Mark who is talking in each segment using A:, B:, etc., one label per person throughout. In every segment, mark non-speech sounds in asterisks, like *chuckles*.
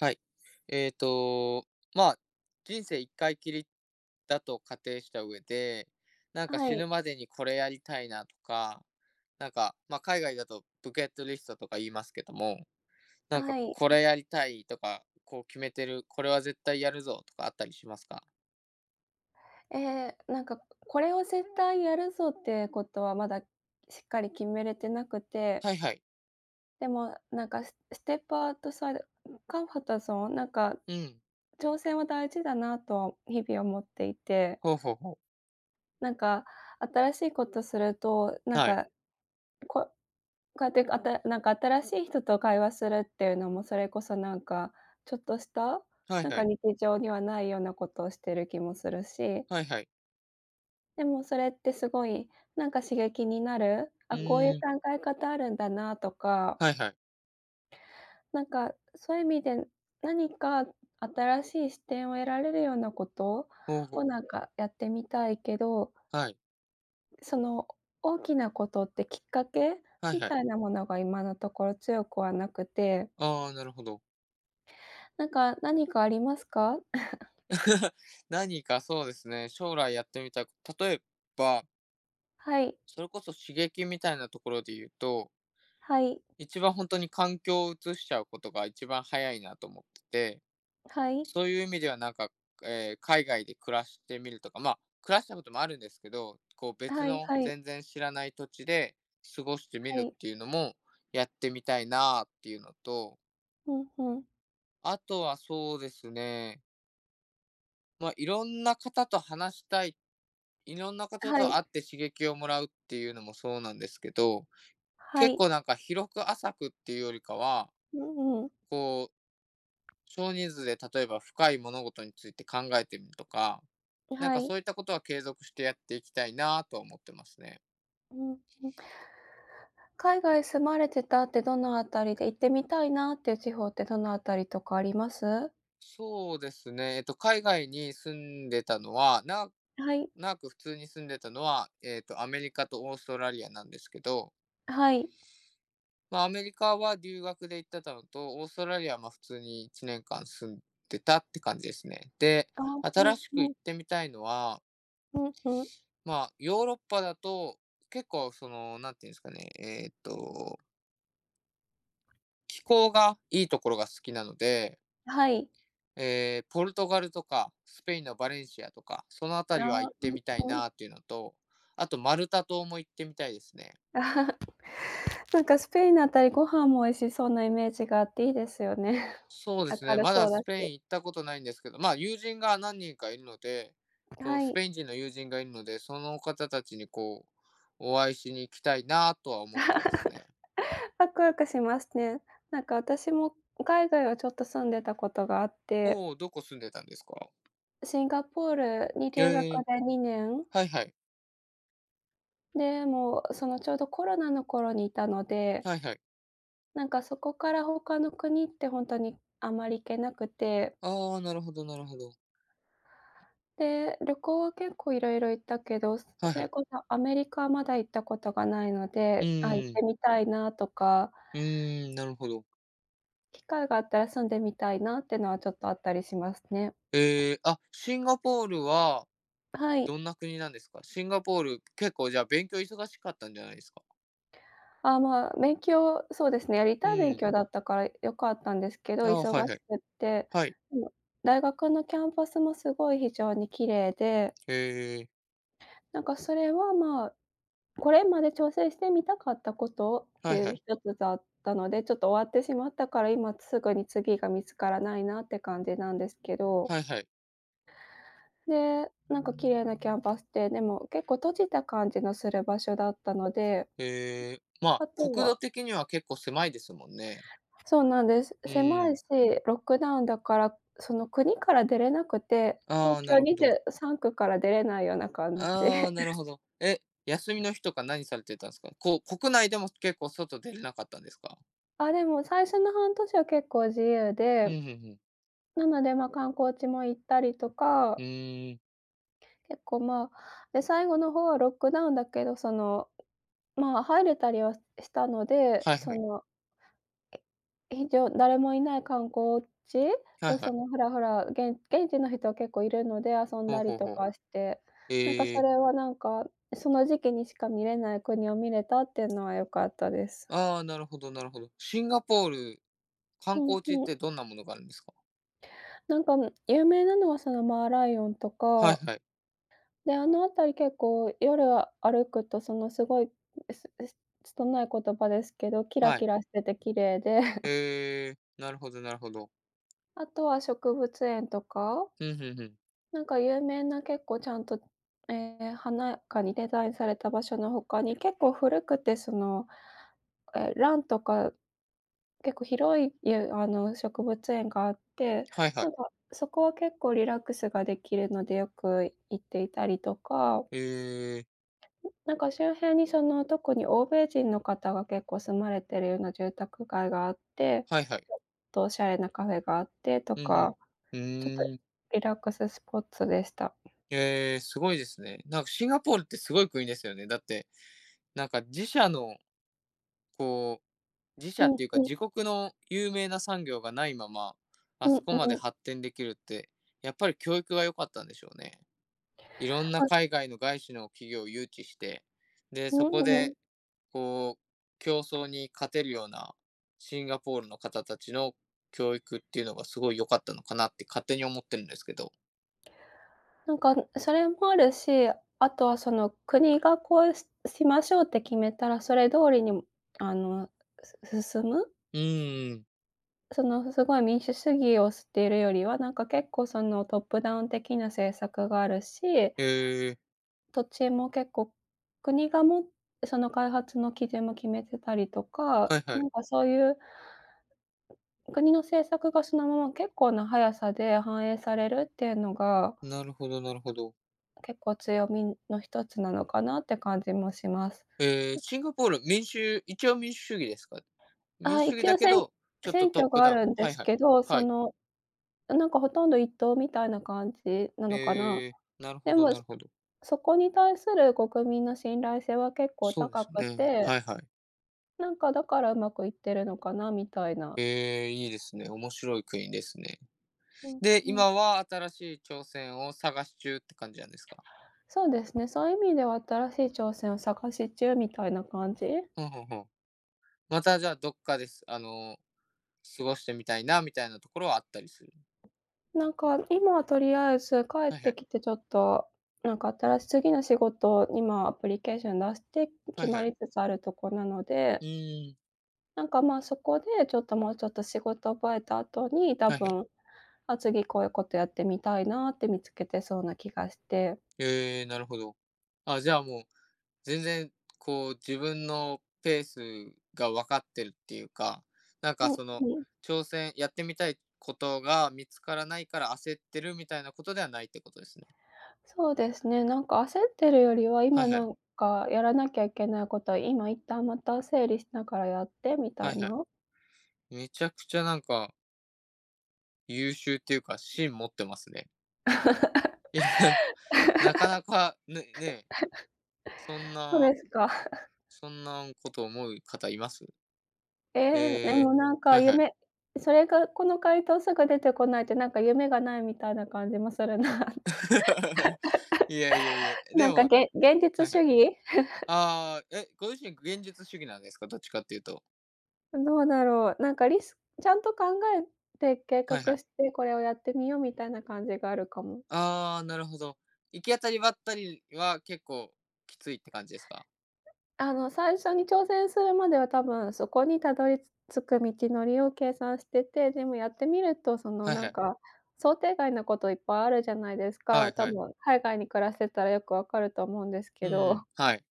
A: はい、えっと、まあ、人生一回きりだと仮定した上で、何か、
B: は
A: 死
B: い。
A: ぬまでにこれやりたいなとか、何か、ま、海外だとバケットリストとか言いますけども、何か、
B: はい。
A: こ
B: うん。
A: れやりたいとか、こう決めてる、これは絶対やるぞとかあったりしますか？
B: え、何か、ここれを絶対やるぞって事は、まだしっかり決めれてなくて。
A: はいはい。
B: でも、何か、スステップアウトサイド、う、コンフォートゾーン、何か、
A: うん。
B: 挑戦は大事だなと、日々思っていて。
A: ほうほうほう。
B: 何か、新しい事すると、何
A: はい。
B: か、こうこうやって、あた何か、新しい人と会話するって言うのも、それこそ何かちょっとした、
A: はい
B: 何
A: は
B: か、
A: い。
B: 日常にはないような事をしてる気もするし
A: はいはい。
B: でも、それって、凄い、何か、刺激になる、
A: う
B: あ、こう言う
A: ーん。
B: 考え方あるんだなあとか
A: はいはい。
B: 何かそう言う意味で、何か新しい視点を得られるような事
A: ほう
B: を、
A: ほう。
B: 何かやってみたいけど
A: はい。
B: その大きなことってきっかけ
A: はい
B: み
A: はい。
B: たいなものが今のところ強くはなくて。
A: ああ、なるほど。
B: なんか、何かありますか？*chuckles*
A: *giggles* 何かそうですね、将来やってみたいこ例えば
B: はい。
A: それこそ刺激みたいなところでいうと
B: はい。
A: 一番ほんとに環境を移しちゃうことが一番早いなと思ってて。
B: はい。
A: そういう意味ではなんか、ええ、海外で暮らしてみるとかまあ、暮らしたこともあるんですけど、こう、別
B: はい
A: の
B: はい。
A: 全然知らない土地で過ごしてみ
B: は
A: るっ
B: い。
A: ていうのもやってみたいなっていうのと
B: うんうん。
A: あとはそうですねま、いろんな方と話したい、いろんな方
B: は
A: と
B: い。
A: 会って刺激をもらうっていうのもそうなんですけど、
B: は
A: 結
B: い。
A: 構なんか広く浅くっていうよりかは
B: うんうん。
A: こう、少人数で例えば深い物事について考えてみるとか、なん
B: は
A: か
B: い。
A: そういったことは継続してやっていきたいなと思ってますね。
B: うんうん。海外住まれてたってどのあたりで、行ってみたいなっていう地方ってどの辺りとかあります？
A: そうですね、えっと、海外に住んでたのは、な
B: はい。
A: 長く普通に住んでたのは、えっと、アメリカとオーストラリアなんですけど
B: はい。
A: ま、アメリカは留学で行ってたのと、オーストラリアは、ま、普通に1年間住んでたって感じですね。で、
B: *unintelligible* う
A: 新
B: ん
A: しく
B: う
A: 行
B: ん。
A: ってみたいのは
B: ふんふん。
A: まあ、ヨーロッパだと、結構その、何ていうんですかね、えっと気候がいいところが好きなので
B: あ、はい。
A: ええ、ポルトガルとか、スペインのバレンシアとか、その辺りは
B: あ、
A: 行っ
B: う
A: て
B: ん
A: みたい
B: うん。
A: なっていうのと、あとマルタ島も行ってみたいですね。
B: *chuckles* なんかスペインのあたり、ご飯も美味しそうなイメージがあっていいですよね。
A: そうです
B: 明
A: ね、
B: る
A: ま
B: そ
A: だ
B: うだ
A: スペイ
B: し。
A: ン行ったことないんですけど、まあ、友人が何人かいるので、こう、
B: は
A: ス
B: い。
A: ペイン人の友人がいるので、その方たちに、こう、お会いしに行きたいなとは思ってますね。
B: *chuckles* ワクワクしますね。なんか私も海外はちょっと住んでたことがあって
A: おお、どこ住んでたんですか？
B: シンガポールに
A: ぎょ
B: 留学
A: え。
B: で2年。
A: はいはい。
B: で、もう、その、ちょうどコロナの頃にいたので
A: はいはい。
B: なんか、そこから他の国ってほんとにあまり行けなくて。
A: ああ、なるほどなるほど。
B: で、旅行結構いろいろ行ったけど、す
A: はい
B: そ
A: は
B: れ
A: い。
B: こそアメリカはまだ行ったことがないの
A: う
B: で、あ、行っ
A: ー
B: て
A: ん。
B: みたいなとか。
A: うーん、なるほど。
B: 機会があったら住んでみたいなってのは、ちょっとあったりしますね。
A: ええ、あ、シンガポールは
B: はい。
A: どんな国なんですか？シンガポール、結構、じゃあ、勉強忙しかったんじゃないですか？
B: あ、まあ、勉強そうですね、やり
A: う
B: たい勉
A: ーん。
B: 強だったからよかったんですけ
A: ち
B: ど、
A: ゃ
B: 忙
A: あ、はい
B: し
A: はい。
B: くって、
A: はい。
B: でも大学のキャンパスもすごい非常に綺麗で
A: へえ。
B: なんか、それは、ま、これまで挑戦してみたかったことって
A: はい
B: い
A: は
B: う
A: い。
B: 一つだったので、ちょっと終わってしまったから、今すぐに次が見つからないなって感じなんですけど。
A: はいはい。
B: で、なんか綺麗なキャンパスで、でも結構閉じた感じのする場所だったので
A: へえ。
B: *unintelligible*
A: まあ、
B: あと
A: 国土
B: は
A: 的にはけっこう狭いですもんね。
B: そうなんです。
A: う
B: 狭
A: ー
B: い
A: ん。
B: し、ロックダウンだから、その、国から出れなくて、
A: あ
B: 東
A: あ、な
B: 京
A: るほど。
B: 23区から出れないような感じ。
A: ああ、なる
B: *chuckles*
A: ほど。え、休みの日とか何されてたんすか？こ国内でも結構外出れなかったんですか？
B: あ、でも最初の半年は結構自由
A: ふ
B: で
A: んふんふん。
B: なので、今でも、観光地も行ったりと
A: ふ
B: か。
A: ーん。
B: 結構、まあ、で、最後の方はロックダウンだけど、その、まあ、入れたりはしたので、
A: はい
B: そ
A: はい。
B: の、ええと、誰もいない観光地
A: はい
B: を
A: はい。
B: そのふらふら、げん現地の人は結構いるので遊ん
A: ほう
B: だり
A: ほう
B: と
A: ほう。
B: かして、なんか
A: へ
B: そ
A: え。
B: れはなんか、その時期にしか見れない国を見れたっていうのはよかったです。
A: ああ、なるほどなるほど。シンガポール観
B: うん
A: 光地っ
B: うん。
A: てどんなものがあるんですか？
B: なんか、む有名なのはそのーマーライオンと
A: はい
B: か。
A: はい。
B: で、あのあたり結構夜歩くと、そのすごいえすえす拙い言葉ですけど、キラ
A: は
B: キ
A: い。
B: ラしてて綺麗で *chuckles*
A: へえ、なるほどなるほど。
B: あとは植物園とか。
A: ふんふんふん。
B: なんか有名な結構ちゃんと、ええ、華やかにデザインされた場所の他に、結構古くて、その、ええ、蘭とか結構広い、ゆあの、植物園があって、
A: はいは
B: な
A: い。
B: んか、そこは結構リラックスができるので、よく行っていたりとか
A: へえ。
B: ん、なんか周辺にその、特に欧米人の方が結構住まれてるような住宅街があって、
A: はいはい。
B: *unintelligible* とお洒落なカフェがあってと
A: ふんふん。
B: か、
A: ふ
B: ちょっと
A: ーん。
B: リラックススポッツでした。
A: へえ、すごいですね。なんかシンガポールってすごい国ですよね。だって、なんか自社のこう、自
B: う
A: 社っ
B: ん
A: ていうか、
B: う
A: 自
B: ん。
A: 国の有名な産業がないまま、あ
B: うん、う
A: そこまで
B: うん。
A: 発展できるって、やっぱり教育が良かったんでしょうね。いろんな
B: はい。
A: 海外の外資の企業を誘致して、で、
B: う
A: そこ
B: んうん。
A: でこう競争に勝てるようなシンガポールの方たちの教育っていうのが、すごい良かったのかなって勝手に思ってるんですけど。
B: なんかそれもあるし、あとはその国がこうしましょうって決めたらそれ通りにあの、す進む
A: うーん。
B: その、すごい民主主義を推すっているよりは、なんか結構そのトップダウン的な政策があるし
A: へえ。
B: 土地も結構、国がもその開発の基準も決めてたりと
A: は
B: か、
A: いは
B: な
A: い。
B: んかそういう国の政策がそのまま結構な速さで反映されるっていうのが
A: なるほどなるほど。
B: 結構強みの1つなのかなって感じもします。
A: へえ、
B: と
A: シンガポール、民主一応民主主義ですか？民
B: あ、
A: 主主義
B: 一
A: だ
B: 応、
A: け
B: せん
A: ど、ちょっと
B: 選
A: トッ
B: 挙
A: プ
B: があ
A: ダウン
B: るんで
A: はい
B: す
A: はい、
B: けど、そ
A: はい。
B: の、あ、なんかほとんど1党みたいな感じなのかな。
A: へえ、なるほ
B: で
A: ど
B: も、
A: なるほど。
B: そこに対する国民の信頼性は結構
A: そうで
B: 高
A: す
B: く
A: ね、
B: て。
A: はいはい。
B: なんかだからうまくいってるのかなみたいな。
A: へえ、いいですね、面白い国ですね。
B: うん
A: で、
B: うん。
A: 今は新しい挑戦を探し中って感じなんですか？
B: そうですね、そういう意味では新しい挑戦を探し中みたいな感じ。
A: ほうほうほう、またじゃ、どっかで、あの、過ごしてみたいなみたいなところはあったりする？
B: なんか、今はとりあえず帰っ
A: はいは
B: て
A: い。
B: きてちょっと、なんか新し次の仕事を今アプリケーション出して、
A: は
B: 決
A: いは
B: ま
A: い。
B: りつつあるとこなので
A: うーん。
B: なんか、まあ、そこでちょっと、もうちょっと仕事覚えた後に、多
A: はいはい。
B: 分、あ、次こういうことやってみたいなって見つけてそうな気がして。
A: へえ、なるほど。あ、じゃあもう、全然こう自分のペースが分かってるっていうか、なん
B: う
A: か
B: ん
A: その、
B: うん。
A: 挑戦やってみたいことが見つからないから焦ってるみたいなことではないってことですね。
B: そうですね、なんか焦ってるよりは、
A: はい
B: 今
A: は
B: な
A: い。
B: んかやらなきゃいけないことは、今一旦また整理しながらやってみ
A: は
B: た
A: い
B: い
A: は
B: な。
A: い。めちゃくちゃなんか優秀っていうか、芯持ってますね。いや。なかなか、ねね。
B: *laughs*
A: そん
B: そう
A: な
B: ですか。
A: そんな
B: *chuckles*
A: んこと思う方います？
B: え
A: へ
B: え、で
A: え。
B: もなんか
A: はいはい。
B: 夢それが、この回答すぐ出てこないと、なんか夢がないみたいな感じもするなって。
A: *laughs* いやいやいや、
B: *laughs*
A: で
B: なん
A: も
B: か、げ-現実
A: はいは
B: 主
A: い。
B: 義。*chuckles*
A: ああ、え、ご自身、現実主義なんですか？どっちかっていうと。
B: どうだろう、なんかリスちゃんと考えて計
A: はいは
B: 画
A: い。
B: して、これをやってみようみたいな感じがあるかも。
A: ああ、なるほど。行き当たりばったりは結構きついって感じですか？
B: あの、最初に挑戦するまでは、多分そこに、たどり、つ着く道のりを計算してて、でもやってみるとその
A: はい
B: な
A: は
B: ん
A: い。
B: か、想定外のこといっぱいあるじゃないです
A: は
B: か。
A: い
B: 多
A: はい。
B: 分海外に暮らしてたらよくわかると思うんです
A: う
B: けど。
A: ん、はい。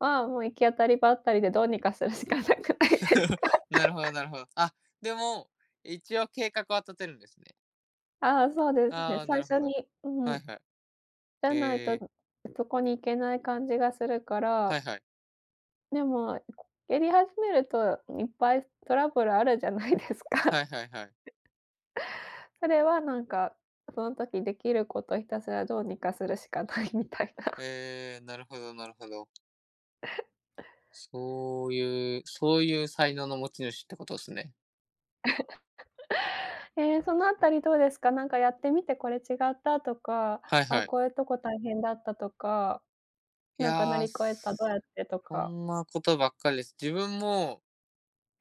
B: ああ、もう行き当たりばったりでどうにかするしかなくないです
A: *chuckles*
B: か。
A: なるほど
B: *giggles*
A: なるほど。あ、でも、一応計画は立てるんですね。
B: ああ、そうです
A: あ
B: ね、
A: あ、
B: 最
A: なるほ
B: 初
A: ど。
B: に、う
A: はい
B: ん。
A: はい。
B: じゃない
A: へ
B: と、
A: え。
B: ん、そこに行けない感じがするか
A: は
B: ら。
A: いはい。
B: でも、*swallows* やり始めると、いっぱいトラブルあるじゃないですか。
A: は
B: *chuckles*
A: いはいはい。
B: 彼はなんか、その時できることひたすらどうにかするしかないみたいな。
A: へえ、なるほどなるほど。
B: *chuckles*
A: そういうそういう才能の持ち主ってことすね。
B: *chuckles* ええ、そのあたりどうですか？なんかやってみてこれ違ったとか、
A: はい
B: あ、
A: はい。
B: こういうとこ大変だったとか、
A: い
B: なんか乗
A: や。
B: り
A: そ
B: 越えた、どうやってと
A: そ
B: か。
A: んなことばっかりです。自分も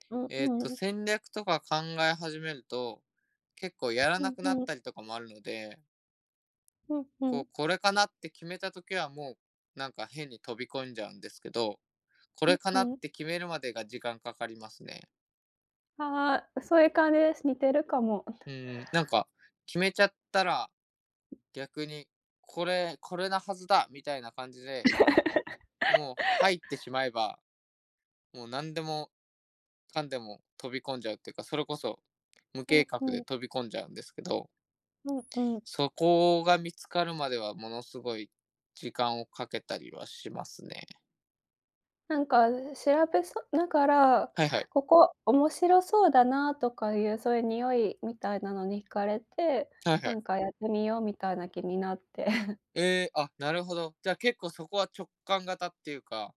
B: うん
A: えっと、
B: うん。
A: 戦略とか考え始めると、結構やら
B: う
A: なくなっ
B: んうん。
A: たりとかもあるので。
B: うんう
A: こ
B: ん。
A: う、これかなって決めた時はもうなんか、変に飛び込んじゃうんですけど、これか
B: う
A: なっ
B: んうん。
A: て決めるまでが時間かかりますね。
B: ああ、そういう感じです。似てるかも。
A: う
B: *chuckles*
A: ん、なんか、決めちゃったら、逆に、これこれなはずだみたいな感じでもう
B: *giggles*
A: 入ってしまえば、もう何でもかんでも飛び込んじゃうっていうか、それこそ、無
B: う
A: 計
B: ん
A: 画
B: う
A: で
B: ん。
A: 飛び込んじゃうんですけど。
B: うんうん。
A: そこが見つかるまでは、ものすごい時間をかけたりはしますね。
B: なんか調べそだから、
A: はいはい。
B: ここ面白そうだなとかいうそういう匂いみたいなのに惹かれて、
A: はいは
B: な
A: い。
B: んかやってみようみたいな気になって。*chuckles*
A: ええ、あ、なるほど。じゃ、結構そこは直感型っていうか、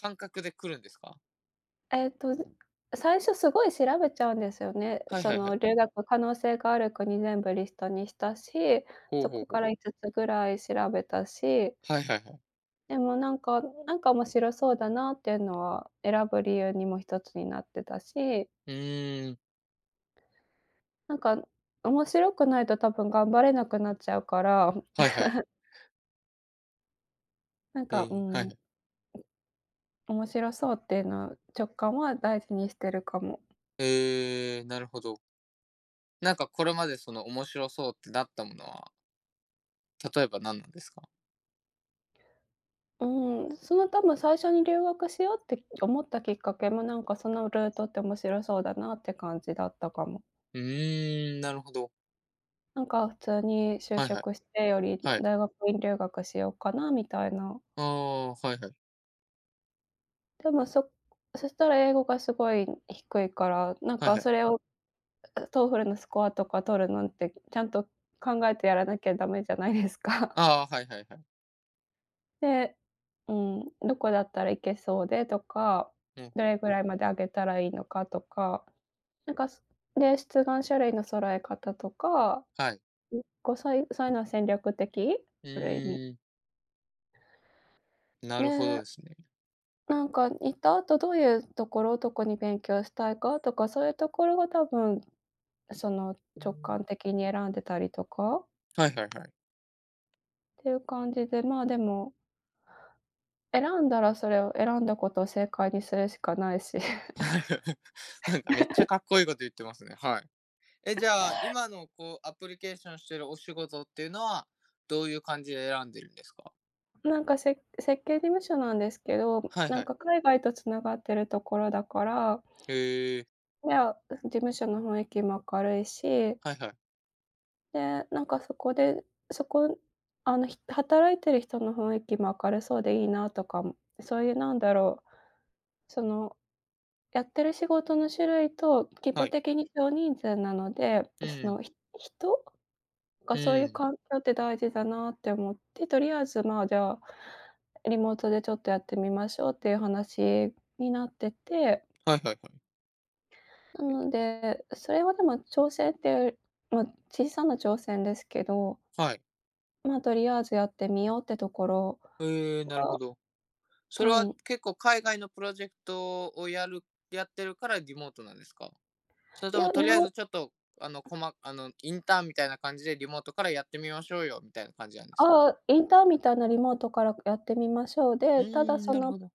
A: 感覚で来るんですか？
B: えっと、ん、最初すごい調べちゃうんですよね。
A: はい
B: そ
A: はいは
B: の
A: い。
B: 留学可能性がある国全部リストにしたし、
A: ほう
B: そ
A: ほう
B: こ
A: ほ
B: か
A: う。
B: ら5つぐらい調べたし。
A: はいはいはい。
B: でもなんかなんか面白そうだなっていうのは、選ぶ理由にも1つになってたし。
A: うーん。
B: なんか、面白くないと多分頑張れなくなっちゃうから。
A: はいはい。
B: *chuckles* なん
A: へ
B: か、う
A: え、はい
B: ん。
A: はい。
B: 面白そうっていうの、直感は大事にしてるかも。
A: へえ、なるほど。なんかこれまでその、面白そうってなったものは例えば何なんですか？
B: うん、その多分最初に留学しようって思ったきっかけも、なんかそのルートって面白そうだなって感じだったかも。
A: うーん、なるほど。
B: なんか普通に就
A: はいはい。
B: 職してより
A: はい。
B: 大学院留学しようかなみたいな。
A: ああ、はいはい。
B: でも、そそしたら英語がすごい低いから、なん
A: はい
B: か
A: はい。
B: それを、う、TOEFL のスコアとか取るなんて、ちゃんと考えてやらなきゃダメじゃないですか？
A: ああ、はいはいはい。
B: で、うん、どこだったら行けそうでとか、
A: ほう
B: ど
A: ほう。
B: れぐらいまで上げたらいいのかとか、なんかで、出願書類の揃え方とか
A: はい。
B: う、こう、そういうそういうの戦略的
A: う
B: ある意味。
A: ーん。なるほど
B: ね。
A: ですね。
B: なんか行った後どういうところどこに勉強したいかとか、そういうところが多分、その直感的に選んでたりとか
A: はいはいはい。
B: っていう感じでまあでも選んだらそれを選んだことを正解にするしかないし。
A: はいなんか、めっちゃかっこ
B: *chuckles*
A: いいこと言ってますね、はい。え、じゃあ、今のこう、アプリケーションしてるお仕事っていうのは、どういう感じで選んでるんですか？
B: なんかせ設計事務所なんですけど、
A: はい
B: な
A: は
B: ん
A: い。
B: か海外と繋がってるところだから
A: へえ。
B: いや、うん、事務所の雰囲気も明るいし
A: はいはい。
B: で、なんかそこで、そこあのひ働いてる人の雰囲気も明るそうでいいなとかも、そういうなんだろう、その、やってる仕事の種類と、規
A: は
B: 模
A: い。
B: 的に少人数なので、
A: う
B: そ
A: ん。
B: の、ひ人が
A: う
B: そういう
A: ん。
B: 環境って大事だなって思って、とりあえず、ま a、じゃあ、リモートでちょっとやってみましょうっていう話になってて
A: はいはいはい。
B: な
A: うん。
B: ので、それはでも挑戦っていう、まあ、小さな挑戦ですけど
A: はい。
B: まあ、とりあえずやってみようってところ
A: へえ、なるほ
B: が
A: ど。それは
B: うん。
A: 結構海外のプロジェクトをやるやってるからリモートなんですか？それ
B: い
A: とも、
B: や、
A: と
B: 日
A: りあえ
B: 本
A: ずちょっと、あの、こまあの、インターンみたいな感じでリモートからやってみましょうよ、みたいな感じなんですか？
B: ああ、インターンみたいなリモートからやってみましょう
A: う
B: で、
A: ー
B: ただ
A: ん、
B: そ
A: なる
B: の、
A: ほど。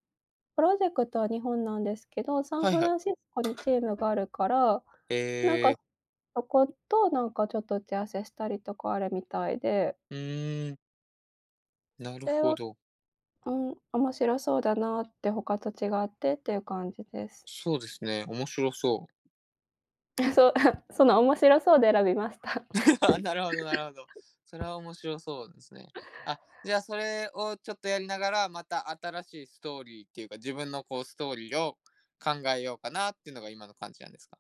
B: プロジェクトは日本なんですけど、サン
A: はい
B: フ
A: はい。
B: ランシスコにチームがあるから、なん
A: え
B: か、
A: え。
B: そことなんかちょっと打ち合わせしたりとかあるみたいで
A: うーん。なる
B: れ
A: ほ
B: は、
A: ど。
B: うん、面白そうだなって、他と違ってっていう感じです。
A: そうですね、面白そう。
B: *chuckles* そう、あ、その面白そうで選びました。
A: *laughs* なるほどなるほど。それは面白そうですね。あ、じゃあ、それをちょっとやりながら、また新しいストーリーっていうか、自分のこうストーリーを考えようかなっていうのが、今の感じなんですか？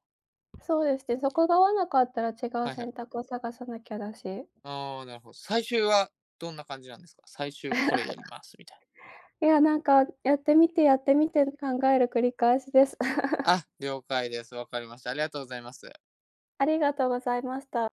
B: そうですね、そこが合わなかったら違う
A: はいはい。
B: 選択を探さなきゃだし。
A: ああ、なるほ最終はどんな感じなんですか？最終これやり
B: *chuckles*
A: ます、みたい。
B: いや、なんか、やってみてやってみてる考える繰り返しです。*laughs*
A: あ、了解です。わかりました。ありがとうございます。
B: ありがとうございました。